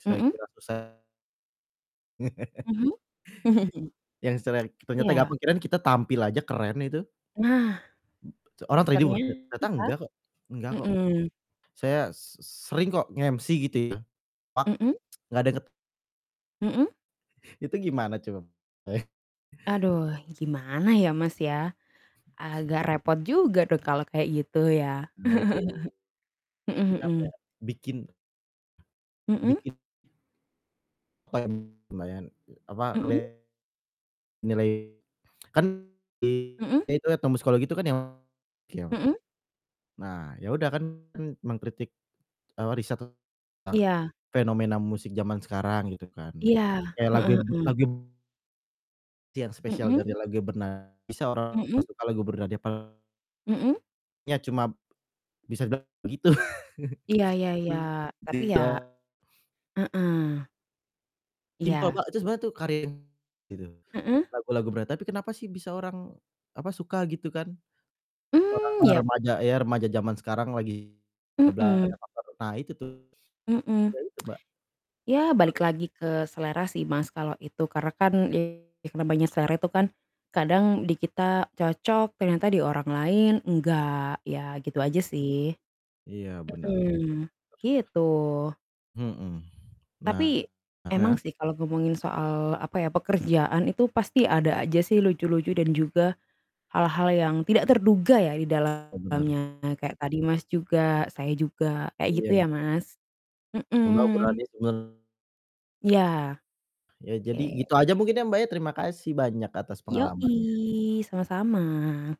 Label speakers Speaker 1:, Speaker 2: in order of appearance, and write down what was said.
Speaker 1: Saya
Speaker 2: Mhm.
Speaker 1: kira susah
Speaker 2: Mhm.
Speaker 1: Yang selelek ternyata nggak
Speaker 2: Iya.
Speaker 1: kepikiran kita tampil aja keren, itu.
Speaker 2: Nah,
Speaker 1: B cek orang terhibur te ternyata
Speaker 2: ternyata
Speaker 1: enggak kok, enggak kok,
Speaker 2: mmm.
Speaker 1: saya s s sering kok nge-MC gitu ya pak
Speaker 2: Mhm.
Speaker 1: nggak deket
Speaker 2: Mhm.
Speaker 1: Itu gimana coba? Bay
Speaker 2: Aduh gimana ya Mas, ya, agak repot juga tuh kalau kayak gitu ya,
Speaker 1: Nah itu,
Speaker 2: mhm
Speaker 1: bikin
Speaker 2: mhm.
Speaker 1: apa ya? Bikin,
Speaker 2: Mhm.
Speaker 1: Bikin Apa ya, lumayan, eee, apa, [unintelligible]
Speaker 2: Mhm.
Speaker 1: nilai kan i
Speaker 2: Mhm.
Speaker 1: nah, itu etnomusikologi itu kan yang, kiawak
Speaker 2: Mhm.
Speaker 1: nah, ya udah kan kan mengkritik, eee, riset tentang
Speaker 2: Iya.
Speaker 1: fenomena musik zaman sekarang gitu kan,
Speaker 2: Iya,
Speaker 1: kayak lagu
Speaker 2: heeh
Speaker 1: mb
Speaker 2: heeh.
Speaker 1: lagu m ti yang spesial
Speaker 2: Mhm.
Speaker 1: dari lagunya berna bisa orang
Speaker 2: Mhm.
Speaker 1: nggak suka lagu Bernadya pal
Speaker 2: Mhm.
Speaker 1: lagunya cuma, bisa dibilang begitu,
Speaker 2: Iya iya iya
Speaker 1: mmm,
Speaker 2: tapi
Speaker 1: begitu
Speaker 2: ya
Speaker 1: doang.
Speaker 2: heeh.
Speaker 1: Simpel
Speaker 2: Iya.
Speaker 1: Mbak, itu sebenarnya tuh karya yang gitu,
Speaker 2: Mhm.
Speaker 1: lagu lagu berat tapi kenapa sih bisa orang apa suka gitu kan? Atau
Speaker 2: Mmm,
Speaker 1: orang-orang
Speaker 2: ya.
Speaker 1: remaja ya remaja zaman sekarang lagi [unintelligible] ada
Speaker 2: Mhm.
Speaker 1: faktor nah itu tuh,
Speaker 2: Mhm,
Speaker 1: ya itu, Mbak.
Speaker 2: ya, balik
Speaker 1: [unintelligible]
Speaker 2: lagi ke selera sih Mas, kalau itu karena kan ya karena banyak selera itu kan, kadang di kita cocok, ternyata di orang lain enggak, ya gitu aja sih,
Speaker 1: Iya bener bener.
Speaker 2: mhm, gitu.
Speaker 1: Mhm, nah
Speaker 2: Tapi,
Speaker 1: mmm,
Speaker 2: emang
Speaker 1: ya?
Speaker 2: sih, kalau ngomongin soal apa ya pekerjaan itu pasti ada aja sih lucu-lucu dan juga, hal-hal yang tidak terduga ya di
Speaker 1: Oh, benar.
Speaker 2: dalamnya kayak tadi Mas, juga, saya juga kayak
Speaker 1: Iya
Speaker 2: gitu
Speaker 1: m
Speaker 2: ya Mas,
Speaker 1: Mbak,
Speaker 2: mhm.
Speaker 1: ukurannya sebenar
Speaker 2: Iya,
Speaker 1: Ya
Speaker 2: oke.
Speaker 1: jadi gitu aja mungkin ya Mbak, ya terima kasih banyak atas pengalamannya.
Speaker 2: Yoi, sama-sama.